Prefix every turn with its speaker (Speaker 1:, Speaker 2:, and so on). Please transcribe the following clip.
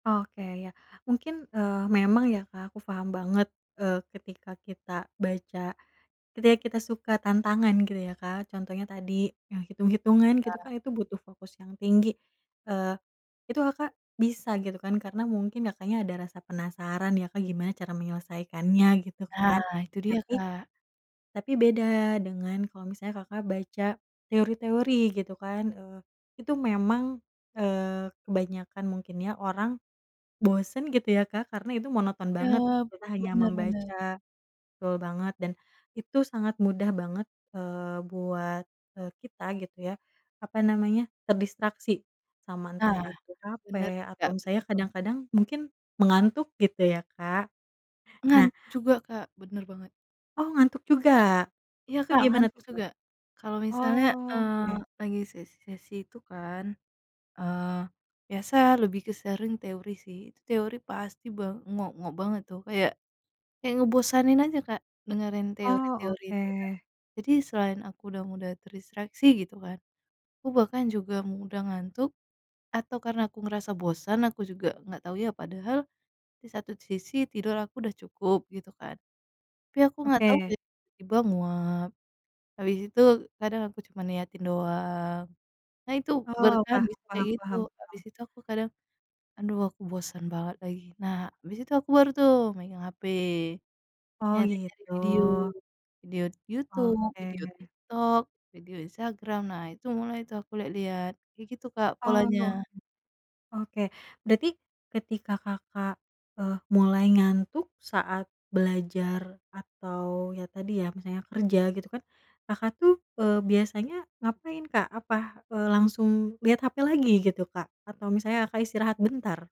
Speaker 1: Oke ya. Mungkin, eee, memang ya Kak aku paham banget, eee, ketika kita baca, ketika kita suka tantangan gitu ya Kak, contohnya tadi, yang hitung-hitungan gitu
Speaker 2: Ya.
Speaker 1: kan itu butuh fokus yang tinggi. Eee, itu Kakak, bisa gitu kan karena mungkin Kakaknya ada rasa penasaran ya Kak gimana cara menyelesaikannya gitu kan.
Speaker 2: Nah, itu dia
Speaker 1: Tapi
Speaker 2: Kak.
Speaker 1: tapi beda dengan kalau misalnya Kakak baca, teori-teori gitu kan, eee, itu memang, eee, kebanyakan mungkin ya orang, bosen gitu ya Kak karena itu monoton
Speaker 2: Iya,
Speaker 1: banget, kita hanya
Speaker 2: benar benar.
Speaker 1: membaca betul banget dan, itu sangat mudah banget, eee, buat, eee, kita gitu ya, apa namanya, terdistraksi, sama entah
Speaker 2: Nah,
Speaker 1: itu
Speaker 2: benar
Speaker 1: capek
Speaker 2: sih
Speaker 1: atau
Speaker 2: Kak,
Speaker 1: misalnya
Speaker 2: betul.
Speaker 1: kadang-kadang, mungkin, mengantuk gitu ya Kak?
Speaker 2: Ngan
Speaker 1: Nah
Speaker 2: juga Kak, bener banget.
Speaker 1: Oh, ngantuk juga?
Speaker 2: Iya,
Speaker 1: Itu
Speaker 2: Kak,
Speaker 1: gimana
Speaker 2: ngantuk
Speaker 1: tuh Kak?
Speaker 2: juga, kalau misalnya,
Speaker 1: Oh,
Speaker 2: eee,
Speaker 1: oke.
Speaker 2: lagi sesi-sesi itu kan. Eee, biasa lebih ke sering teori sih itu, teori pasti ba ngok-ngok banget tuh, kayak kayak ngebosanin aja Kak, dengerin
Speaker 1: Oh,
Speaker 2: teori-teori itu Kak.
Speaker 1: oke.
Speaker 2: Jadi, selain aku udah mudah terdistraksi gitu kan, aku bahkan juga mudah ngantuk, atau karena aku ngerasa bosan aku juga enggak tahu ya. Padahal di satu sisi tidur aku udah cukup gitu kan. Tapi aku nggak tau
Speaker 1: Oke.
Speaker 2: kayak tiba-tiba nguap, habis itu, kadang aku cuma niatin doang. Nah itu,
Speaker 1: Oh,
Speaker 2: bertahan
Speaker 1: paham
Speaker 2: bisa kayak
Speaker 1: paham
Speaker 2: gitu,
Speaker 1: paham
Speaker 2: habis
Speaker 1: paham.
Speaker 2: itu aku kadang, "Aduh, aku bosan banget lagi." Nah, habis itu aku baru tuh, megang HP,
Speaker 1: Oh,
Speaker 2: nyari-nyari
Speaker 1: gitu.
Speaker 2: video, video Youtube, video
Speaker 1: Oke.
Speaker 2: TikTok, video Instagram. Nah, itu mulai tuh aku lihat-lihat, kayak gitu Kak
Speaker 1: Oh.
Speaker 2: polanya.
Speaker 1: Oke, berarti, ketika Kakak, eee, mulai ngantuk saat belajar atau ya, tadi, ya, misalnya kerja gitu kan, Kakak tuh, eee, biasanya, ngapain Kak? Apa, eee, langsung, lihat HP lagi gitu Kak? Atau misalnya Kakak istirahat bentar?